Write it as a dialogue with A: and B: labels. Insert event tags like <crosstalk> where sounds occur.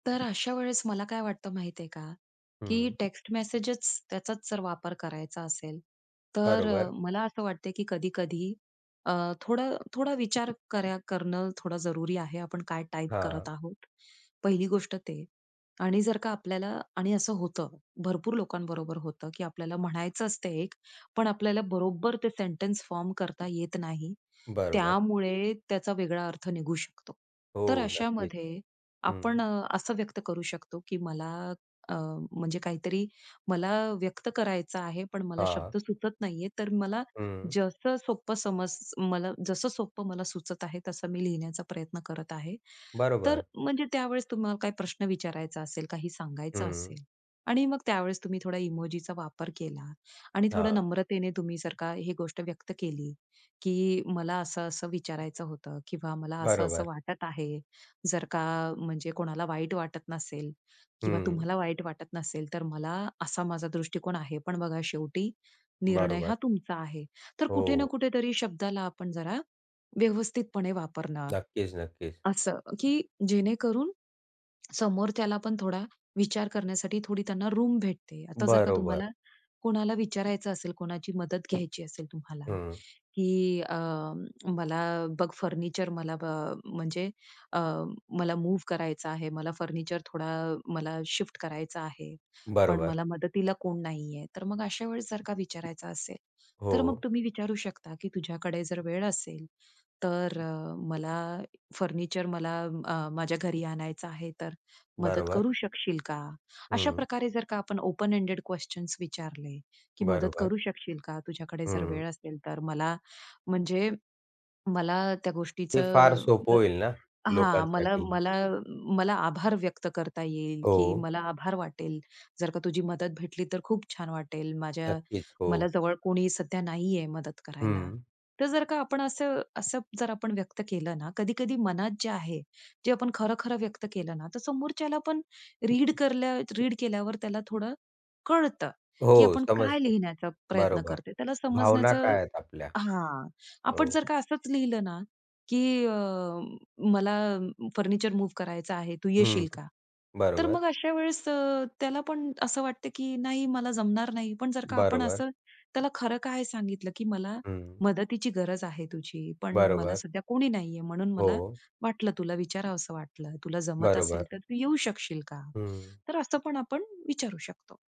A: तर अशा वेळेस मला काय वाटतं माहिती आहे का, की
B: हं.
A: टेक्स्ट मेसेजेस त्याचाच जर वापर करायचा असेल, तर अ,
B: बरोबर.
A: मला असं वाटते की कधी-कधी अ, थोडा थोडा विचार कर करणं थोडं जरुरी आहे. आपण काय टाइप करत
B: हां.
A: आहोत, पहिली गोष्ट ते, आणि जर का आपल्याला आणि असं होतं भरपूर लोकांबरोबर होतं, की आपल्याला म्हणायच असत एक, पण आपल्याला बरोबर ते सेंटन्स फॉर्म करता येत नाही.
B: बरोबर.
A: त्यामुळे त्याचा वेगळा अर्थ निघू शकतो. तर
B: हो, नक्कीच.
A: अशामध्ये आपण
B: हं.
A: अ, असं व्यक्त करू शकतो, की मला अ, म्हणजे काहीतरी मला व्यक्त करायचं आहे, पण मला
B: हां.
A: शब्द सुचत नाहीये, तर मला
B: हं.
A: जसं सोपं समज मला जसं सोपं मला सुचत आहे तसं मी लिहिण्याचा प्रयत्न करत आहे. तर
B: बरोबर.
A: म्हणजे त्यावेळेस तुम्हाला काही प्रश्न विचारायचा असेल, काही सांगायचं
B: हं.
A: असेल आणि मग त्यावेळेस तुम्ही थोडा इमोजीचा वापर केला आणि थोडं
B: हां.
A: नम्रतेने तुम्ही जर का ही गोष्ट व्यक्त केली, की मला असं-असं विचारायचं होतं किंवा मला असं-असं
B: बरोबर.
A: वाटत आहे. जर का म्हणजे कोणाला वाईट वाटत नसेल किंवा
B: हं.
A: तुम्हाला वाईट वाटत नसेल, तर मला असा माझा दृष्टिकोन आहे, पण बघा शेवटी निर्णय
B: बरोबर.
A: हा तुमचा आहे. तर कुठे ना
B: हो.
A: कुठेतरी शब्दाला आपण जरा व्यवस्थितपणे वापरणं.
B: नक्कीच, नक्कीच.
A: असं की जेणेकरून समोरच्याला पण थोडा विचार करण्यासाठी थोडी त्यांना रूम भेटते. आता जर का
B: बरोबर.
A: तुम्हाला कोणाला विचारायचं असेल, कोणाची मदत घ्यायची असेल तुम्हाला,
B: हं.
A: की अ, मला बघ फर्निचर मला अ, म्हणजे अ, मला मूव्ह करायचा आहे. मला फर्निचर थोडा मला शिफ्ट करायचा आहे, पण
B: बरोबर.
A: मला मदतीला कोण नाहीये. तर मग अशा वेळेस जर का विचारायचं असेल, तर मग
B: हो.
A: तुम्ही विचारू शकता, की तुझ्याकडे जर वेळ असेल, तर अ, मला फर्निचर मला अ, माझ्या घरी आणायचं आहे, तर मदत
B: बरोबर.
A: करू शकशील का? अशा
B: हं.
A: प्रकारे जर का आपण ओपन एंडेड क्वेशन्स विचारले, की मदत
B: बरोबर.
A: करू शकशील का, तुझ्याकडे जर
B: हं.
A: वेळ असेल तर. मला म्हणजे मला त्या गोष्टीच
B: हे फार सोपं होईल
A: <unintelligible>
B: ना,
A: हां, मला
B: लोकांसाठी ही.
A: मला मला आभार व्यक्त करता येईल, की
B: हो.
A: मला आभार वाटेल जर का तुझी मदत भेटली, तर खूप छान वाटेल. माझ्या
B: नक्कीच,
A: मला
B: हो.
A: जवळ कोणी सध्या नाहीये मदत करायला.
B: हं.
A: तर जर का आपण असं, असं जर आपण व्यक्त केलं ना, कधी-कधी मनात जे आहे, जे आपण खरं, खरं व्यक्त केलं ना, तर समोरच्याला पण रीड करल्या रीड केल्यावर त्याला थोडं कळतं, की
B: हो,
A: आपण काय
B: समजतं,
A: लिहिण्याचा प्रयत्न
B: बरोबर.
A: करतो, त्याला
B: भावना
A: समजण्याचं
B: काय आहेत आपल्या?
A: हां, आपण
B: हो.
A: जर का असंच लिहिलं ना, की अ, मला फर्निचर मूव्ह करायचं आहे. तू
B: हं,
A: येशील का? तर
B: बरोबर.
A: मग अशा वेळेस अ, त्याला पण असं वाटतं, की नाही. मला जमणार नाही. पण जर का आपण
B: बरोबर.
A: असं त्याला खरं काय सांगितलं, की मला
B: हं.
A: मदतीची गरज आहे तुझी, पण मला
B: बरोबर.
A: सध्या कोणी नाहीये, म्हणून मला
B: हो.
A: वाटलं, तुला विचारावस वाटलं, तुला जमत असेल,
B: बरोबर.
A: तर तू येऊ शकशील का?
B: हं.
A: तर असं पण आपण विचारू शकतो.